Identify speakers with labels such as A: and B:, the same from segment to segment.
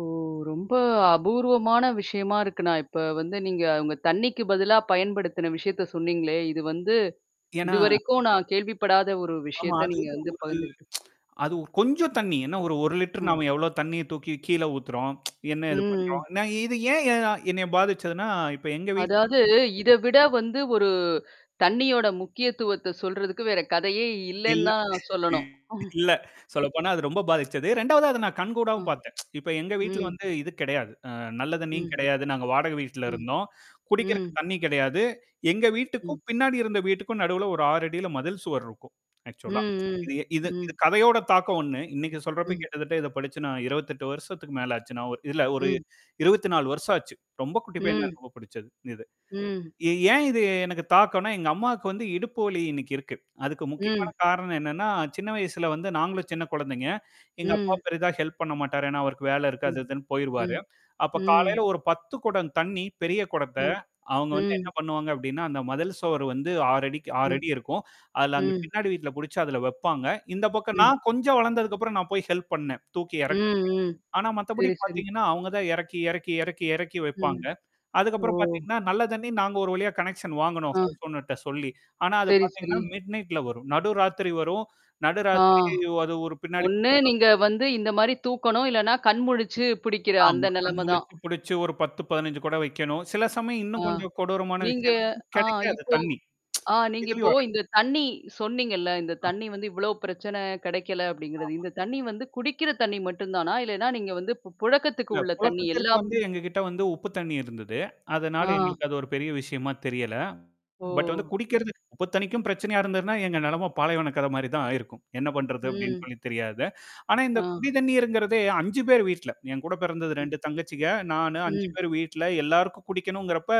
A: ஓ, ரொம்ப அபூர்வமான விஷயமா இருக்கு, நான் இப்ப வந்து நீங்க உங்க தண்ணீக்கு பதிலா பயன்படுத்தின விஷயத்த சொன்னீங்களே! இது வந்து,
B: ஏன்னா
A: இதுவரைக்கும் நான் கேள்விப்படாத ஒரு
B: ஆமா,
A: விஷயத்த
B: அது
A: நீங்க வந்து
B: ஒரு
A: பகிர்ந்துகிட்
B: அது கொஞ்சம் தண்ணீ, என்னா ஒரு 1 லிட்டர்.
A: ம்.
B: நாம எவ்ளோ தண்ணீய தூக்கி கீழே ஊத்துறோம், என்னா
A: ம்,
B: இது
A: ம்.
B: பண்றோம். நான் இது ஏன் ய என்னைய பாதிச்சதுன்னா, இப்ப எங்க வீட்டு
A: அதாவது,
B: [unintelligible]
A: இதவிட வந்து, ஒரு தண்ணீயோட முக்கியத்துவத்த சொல்றதுக்கு, வேற கதையே
B: இல்ல,
A: இல்லைன்னுதான் சொல்லணும்!
B: இல்ல. சொல்லப்போனா, அது ரொம்ப பாதிச்சது. 2வது அதை நான்
A: அ,
B: கண்கூடாவும் பாத்தேன். இப்ப எங்க வீட்டுல
A: ம்.
B: வந்து இது கிடையாது. அ நல்ல தண்ணீயும்
A: ம்.
B: கிடையாது. நாங்க வாடக வீட்ல
A: ம்,
B: இருந்தோம். குடிக்கிறக்கு
A: ம்.
B: தண்ணீ கெடையாது. எங்க வீட்டுக்கும்,
A: ம்.
B: பின்னாடி இருந்த வீட்டுக்கும் நடுவுல ஒரு 6'ல மதில் சுவர் இருக்கும். ஆக்ச்சுவலா.
A: ம், ம்.
B: இது இது இது
A: ம்.
B: கதையோட தாக்கம் ஒண்ணு. இன்னைக்கு சொல்றப்ப,
A: ம்.
B: கிட்டத்தட்ட இத படிச்சு நான் 28 வருஷத்துக்கு மேல ஆச்சு. இல்ல ஒரு
A: ம்.
B: 24 வருஷம் ஆச்சு. ரொம்ப குட்டிப்பையனா
A: ம்.
B: இருக்கப்ப புடிச்சது இது.
A: ம்.
B: எ ஏன் இது எனக்குத் தாக்கன்னா? எங்க அம்மாக்கு வந்து இடுப்பு வலி இன்னைக்கு இருக்கு. அதுக்கு
A: ம்.
B: முக்கியமான காரணம் என்னான்னா, சின்ன வயசுல வந்து நாங்களும் சின்னக் கொழந்தைங்க. எங்க அப்பா
A: ம்.
B: பெரிதா ஹெல்ப் பண்ண மாட்டாரு. ஏன்னா அவருக்கு வேலை இருக்கு.
A: ம்,
B: அது இதுன்னு போயிருவாரு.
A: ம்,
B: அப்பக் காலைல
A: ம்.
B: ஒரு 10 குடம் தண்ணீ பெரிய குடத்த,
A: ம்,
B: அவுங்க வந்து என்ன
A: ம்.
B: பண்ணுவாங்க அப்டின்னா, அந்த மதில் சுவர் வந்து 6'க்கு ஆறு
A: ம்,
B: அடி இருக்கும். அதுல அந்தப்
A: ம்.
B: பின்னாடி வீட்டுல புடிச்சு அதுல வப்பாங்க. இந்தப் பக்கம்
A: ம்.
B: நான் கொஞ்சம் வளந்ததுக்கப்புறம் நான் போய் ஹெல்ப் பண்ணேன். தூக்கி
A: ம்,
B: எறக்கறக்கு.
A: ம்.
B: ஆனா மத்தபடி
A: சரி, சரி.
B: பாத்தீங்கன்னா, அவுங்க தான் எறக்கி, எறக்கி, எறக்கி, எறக்கி
A: ம்.
B: வைப்பாங்க. அதுக்கப்புறம்
A: ஒ!
B: பாத்தீங்கன்னா, நல்ல தண்ணீ நாங்க ஒரு வழியா கனெக்சன் வாங்குனோம்.
A: ஆ,
B: ஹவுஸ் ஓனர்ட்ட சொல்லி. ஆனா அது
A: சரி, சரி.
B: பாத்தீங்கன்னா, மிட் நைட்ல வரும். நடுராத்திரி வரும். நடுராத்திரி
A: ஆஹ்.
B: அது ஒரு பின்னாடி
A: ஒண்ணு நீங்க வந்து இந்த மாரி தூக்கணும், இல்லனா, கண் முழிச்சு புடிக்கிற
B: ஆமா.
A: அந்த
B: கண்
A: நெலைம தான்.
B: முழிச்சு பிடிச்சு ஒரு 10, 15 குடம் வைக்கணும். சில சமயம் இன்னும்
A: ஆஹ்.
B: கொஞ்சம் கொடூரமான
A: நீங்க
B: விஷயம் என்னான்னா
A: ஆ
B: கெடைக்காது.
A: இப்போ
B: தண்ணீ
A: ஆ நீங்க
B: இதுலயும்
A: இப்போ
B: வராது.
A: இந்தத் தண்ணீ சொன்னீங்கல்ல, இந்தத்
B: ஆ,
A: தண்ணீ வந்து இவ்ளோ பிரச்சன! கெடைக்கல, அப்படிங்கறது!
B: ஆமா.
A: இந்தத் தண்ணீ வந்து, குடிக்கிற தண்ணீ மட்டுந்தானா? இல்லைன்னா நீங்க வந்து பு புழக்கத்துக்கு
B: இல்ல.
A: உள்ள தண்ணீ
B: புழக்கத்திற்கு
A: எல்லாம்
B: வந்து, எங்க கிட்ட வந்து உப்பு தண்ணீ இருந்தது. அதனால
A: ஆ.
B: எங்களுக்கு அது ஒரு பெரிய விஷயமா தெரியல. பட்
A: ஓ!
B: குடிக்கிறதுக்கு உப்பு தண்ணீக்கும், பிரச்சனையா இருந்திருந்தா, எங்க நெலம பாலைவன கத மாரி தான் ஆயிருக்கும். "என்ன பண்றது?" அப்படின்னு
A: ம்.
B: சொல்லி தெரியாது. ஆனா
A: ஆ.
B: இந்தக் குடிதண்ணீர்ங்கறதே 5 பேர் வீட்டுல என் கூடப் பிறந்தது.
A: ம்.
B: 2 தங்கச்சிக, நானு. 5
A: ம்.
B: பேர் வீட்டுல. எல்லாருக்கும் குடிக்கனும்ங்கிறப்ப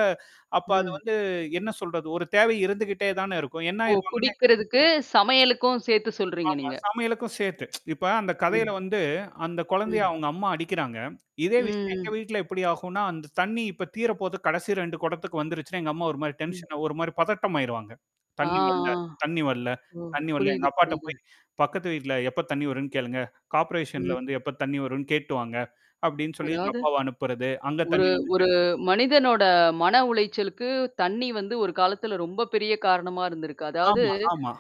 B: அப்ப அது
A: ம்.
B: வந்து என்ன சொல்றது? ஒரு தேவை இருந்துகிட்டே தானே இருக்கும்? என்ன
A: ஓ!
B: ஆயிருமா [unintelligible]
A: குடிக்கிறதுக்கு, சமையலுக்கும் சேத்து சொல்றீங்க
B: ஆமா
A: நீங்க.
B: சமையலுக்கும் சேத்து. இப்ப அந்த கதையில
A: ம்.
B: வந்து அந்தக் கொழந்தைய
A: ம்.
B: அவுங்க அம்மா அடிக்கறாங்க. இதே விஷயம் எங்க
A: ம், ம்.
B: வீட்டுல எப்படி ஆகும்ன்னா? அந்தத் தண்ணீ இப்போ தீரப் போது. கடைசி 2 குடத்துக்கு வந்துருச்சுன்னா. எங்க அம்மா ஒரு மாரி
A: ம்.
B: டென்ஷனா ஒரு மாரி பதட்டம் ஆயிருவாங்க.
A: ஆ, ஆ,
B: தண்ணீ வர்ல, தண்ணீ வர்ல.
A: ஓ!
B: தண்ணி வர்ல எங்க
A: புரியுது,
B: அப்பாட்ட
A: புரியுது.
B: போயி, "பக்கத்து வீட்டுல எப்ப தண்ணீ வரும்னு கேளுங்க, கார்பரேசன்ல வந்து
A: ம்.
B: எப்ப தண்ணீ வரும்னு கேட்டு வாங்க!" அப்டின்னு சொல்லி எங்க
A: அதாவது
B: அப்பாவ அனுப்புறது. அங்க
A: ஒரு
B: தண்ணீ [unintelligible]
A: ஒரு மனிதனோட மன உளைச்சலுக்கு, தண்ணீ வந்து ஒரு காலத்துல ரொம்ப பெரிய காரணமா இருந்திருக்கு. அதாவது,
B: ஆமா, ஆமா.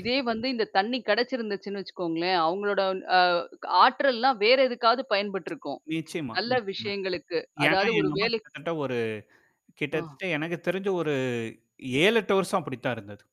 A: இதே வந்து, இந்த தண்ணீ கெடச்சிருந்துச்சுன்னு வச்சுக்கோங்களேன், அவுங்களோட அ க ஆற்றல்லாம் வேற எதுக்காவது பயன்பட்டுருக்கும்.
B: நிச்சயமா,
A: நல்ல
B: நிச்சயமா,
A: விஷயங்களுக்கு,
B: ஏன்னா
A: அதாவது ஒரு
B: எங்க அம்மா
A: வேலை
B: கிட்டத்தட்ட ஒரு
A: ஆ.
B: கிட்டத்தட்ட எனக்குத் தெரிஞ்சு ஒரு 7, 8 வருஷம் அப்படித்தான் இருந்தது.